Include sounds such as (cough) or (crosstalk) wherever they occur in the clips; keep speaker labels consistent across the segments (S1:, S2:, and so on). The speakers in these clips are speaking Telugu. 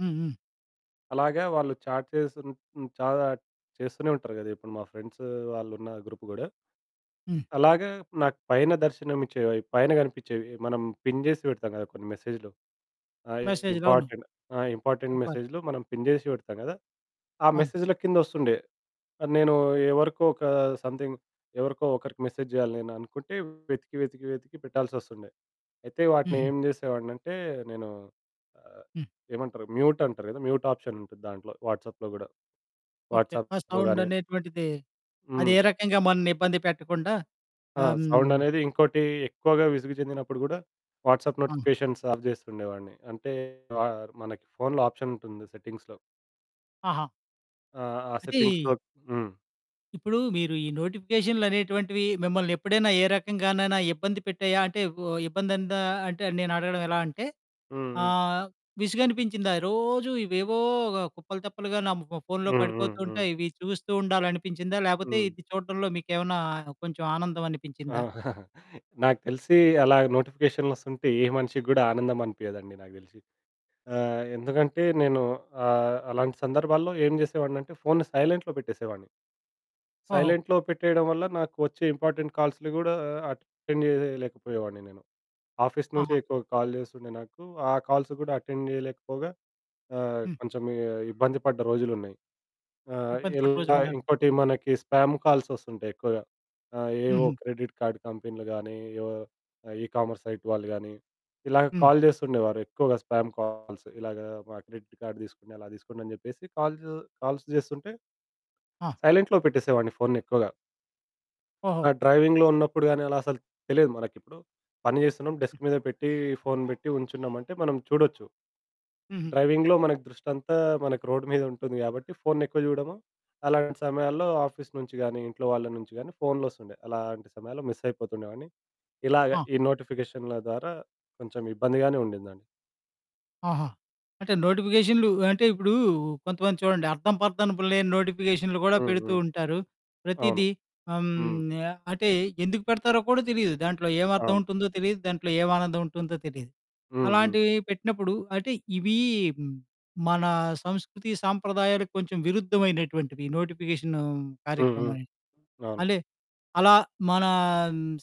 S1: హ్మ్. హ్మ్.
S2: అలాగా వాళ్ళు చాట్ చేసున్ హ్మ్, చాట్ చేస్తూనే ఉంటారు గదా! ఇప్పుడు మా ఫ్రెండ్సు వాళ్ళు ఉన్న గ్రూప్ గూడా.
S1: హ్మ్.
S2: అలాగా నాకు పైన దర్శనమిచ్చేవి అవి. పైన కనిపించేవి. మనం పిన్ చేసి పెడతాం కదా కొన్ని మెసేజు‌లు! అవి
S1: మెసేజు‌లు. అవును.
S2: ఇంపార్టెంట్ ఆ! ఇంపార్టెంట్
S1: ఇంపార్
S2: మెసేజు‌లు మనం పిన్ చేసి పెడతాం కదా! ఆ
S1: అవును.
S2: మెసేజుల కింద ఓస్తుండే. ఆ! నేను ఎవరికో ఒక సమ్‌థింగ్ ఎవరికో ఒకరికి మెసేజ్ జేయాలి నేను అనుకుంటే వెతికి, వెతికి, వెతికి పెట్టాల్సొస్తుండే. అయితే వాటిని
S1: హుహు.
S2: ఏం చేసేవాడినంటే, నేను ఆహ్,
S1: హ్మ్.
S2: ఏమంటారు మ్యూటంటారు కదా! మ్యూట్ ఆప్షన్ ఉంటది దాంట్లో వాట్సాప్‌లో కూడా.
S1: ఓకే. ఆ
S2: వాట్సాప్‌లో గానీ
S1: సౌండనేటువంటిది, అది
S2: హ్మ్.
S1: ఏ రకంగా మనల్ని ఇబ్బంది పెట్టకుండా
S2: ఆ!
S1: హ్మ్
S2: సౌండ్ అనేది ఇంకోటి ఎక్కువగా విసుగు చెందినప్పుడు కూడా, వాట్సాప్
S1: అవును.
S2: నోటిఫికేషన్స్ ఆఫ్ చేస్తుండేవాడిని. అంటే వార్ మనకి ఫోనులో ఆప్షనుంటుంది సెట్టింగ్స్‌లో.
S1: ఆహా!
S2: ఆ! ఆ! సెట్టింగ్స్‌లో
S1: అయితే
S2: హ్మ్.
S1: ఇప్పుడు మీరు ఈ నోటిఫికేషన్లనేటువంటివి, మిమ్మల్ని ఎప్పుడైనా ఏ రకంగానైనా ఇబ్బంది పెట్టాయా? అంటే ఓ ఇబ్బంది అన్ దా అంటే, నేను అడగడం ఎలా అంటే
S2: హ్మ్. హ్మ్.
S1: ఆహ్, విసుగనిపించిందా? రోజు ఇవేవో కుప్పలు, తెప్పలుగా నా ము ఫోన్లో
S2: హ్మ్. హ్మ్.
S1: పడిపోతూ
S2: హ్మ్.
S1: ఉంటాయి, ఇవి చూస్తూ ఉండాలి అనిపించిందా? లేపోతే
S2: హ్మ్.
S1: ఇది చూడడంలో మీకు ఏమన్నా కొంచెం ఆనందం
S2: ఆ!
S1: అనిపించిందా?
S2: (chuckles) నాకు తెలిసీ అలాగా నోటిఫికేషన్లు ఓస్తుంటే, ఏ మనిషికి కూడా ఆనందం అనిపియదండి నాకు తెలిసి. ఆ! ఎందుకంటే నేను ఆహ్, అలాంటి సందర్భాల్లో ఏం చేసేవాడిని అంటే, ఫోను సైలెంట్‌లో పెట్టేసేవాడిని.
S1: ఓహో!
S2: సైలెంట్‌లో పెట్టేయడం వల్ల, నాకు వచ్చే ఇంపార్టెంట్ కాల్సులు గూడా అటెండ్ చేయలేకపోయేవాడిని నేను. ఆఫీస్ నుంచే
S1: ఆహా!
S2: ఎక్కువ కాల్ చేస్తుండే నాకు. ఆ కాల్స్ కూడా అటెండ్ చేయలేకపోగా ఆహ్,
S1: హ్మ్.
S2: కొంచెం ఇ ఇబ్బంది పడ్డ రోజులున్నాయి. ఆ!
S1: ఇబ్బంది పడిన
S2: ఇలా
S1: రోజులున్నాయి.
S2: ఇంకోటి మనకి స్పామ్ కాల్స్ వస్తుంటాయి ఎక్కువగా. ఆ! ఏవో
S1: హుహు.
S2: క్రెడిట్ కార్డ్ కంపిన్లు గానీ, ఏవో ఈ కామర్స్ సైట్ వాళ్ళు గానీ, ఇలాగ
S1: హ్మ్.
S2: కాల్ చేస్తుండేవారు ఎక్కువగా స్పామ్ కాల్స్. "ఇలాగా మా క్రెడిట్ కార్డ్ తీసుకోండి, అలా తీసుకోండి" అని చెప్పేసి కాల్సు కాల్స్ చేస్తుంటే
S1: ఆ!
S2: సైలెంట్‌లో పెట్టేసేవాడిని ఫోనుని ఎక్కువగా. ఆ!
S1: ఓహో!
S2: డ్రైవింగ్‌లో ఉన్నప్పుడు గానీ, అలా అసలు తెలీదు మనకిప్పుడు పని చేస్తున్నాం,
S1: హ్మ్.
S2: డెస్క్ మీద పెట్టి ఫోను పెట్టి ఉంచున్నాం అంటే, మనం చూడొచ్చు.
S1: హుహు.
S2: డ్రైవింగ్‌లో మనకు దృష్టి అంతా మనకు రోడ్ మీద ఉంటుంది కాబట్టి ఫోను ఎక్కువ చూడము, అలాంటి సమయాల్లో ఆఫీస్ నుంచి గానీ, ఇంట్లో వాళ్ళ నుంచి గానీ, ఫోన్లు వస్తుండే అలాంటి సమయాల్లో మిస్ అయిపోతుండేవాడిని. ఇలాగ
S1: ఆ!
S2: ఈ నోటిఫికేషనల ద్వారా కొంచెం ఇబ్బందిగానే ఉండిందండి.
S1: ఆహా! అంటే నోటిఫికేషన్లు అంటే ఇప్పుడు కొంతమంది చూడండి అర్థం, పర్దనుపు లేని నోటిఫికేషన్లు కూడా
S2: హ్మ్,
S1: పెడుతూ
S2: హ్మ్.
S1: ఉంటారు.
S2: అవును.
S1: ప్రతీదీ హ్మ్,
S2: హ్మ్, హ్మ్.
S1: ఆహ్, అంటే ఎందుకు పెడతారో కూడా తెలీదు. దాంట్లో ఏం అర్థం
S2: అవును.
S1: ఉంటుందో తెలీదు. దాంట్లో ఎం ఆనందం ఉంటుందో తెలీదు.
S2: హ్మ్. హ్మ్.
S1: అలాంటివి పెట్టినప్పుడు అంటే ఇవి మన సంస్కృతి సాంప్రదాయాలకు కొంచెం విరుద్ధమైనటువంటివి నోటిఫికేషను
S2: హ్మ్. హ్మ్.
S1: కార్యక్రమనేది.
S2: అవును.
S1: అంటే అలా మనా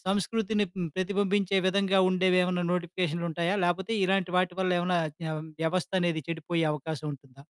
S1: సంస్కృతిని హ్మ్, ప్రతిబింబించే విధంగా ఉండేవి ఏమన్నా నోటిఫికేషన్లుంటాయా? లేపోతే ఇలాంటి వాటి వల్ల ఏమన్నా వ్య వ్యవస్థ అనేది చెడిపోయే అవకాశం ఉంటుందా?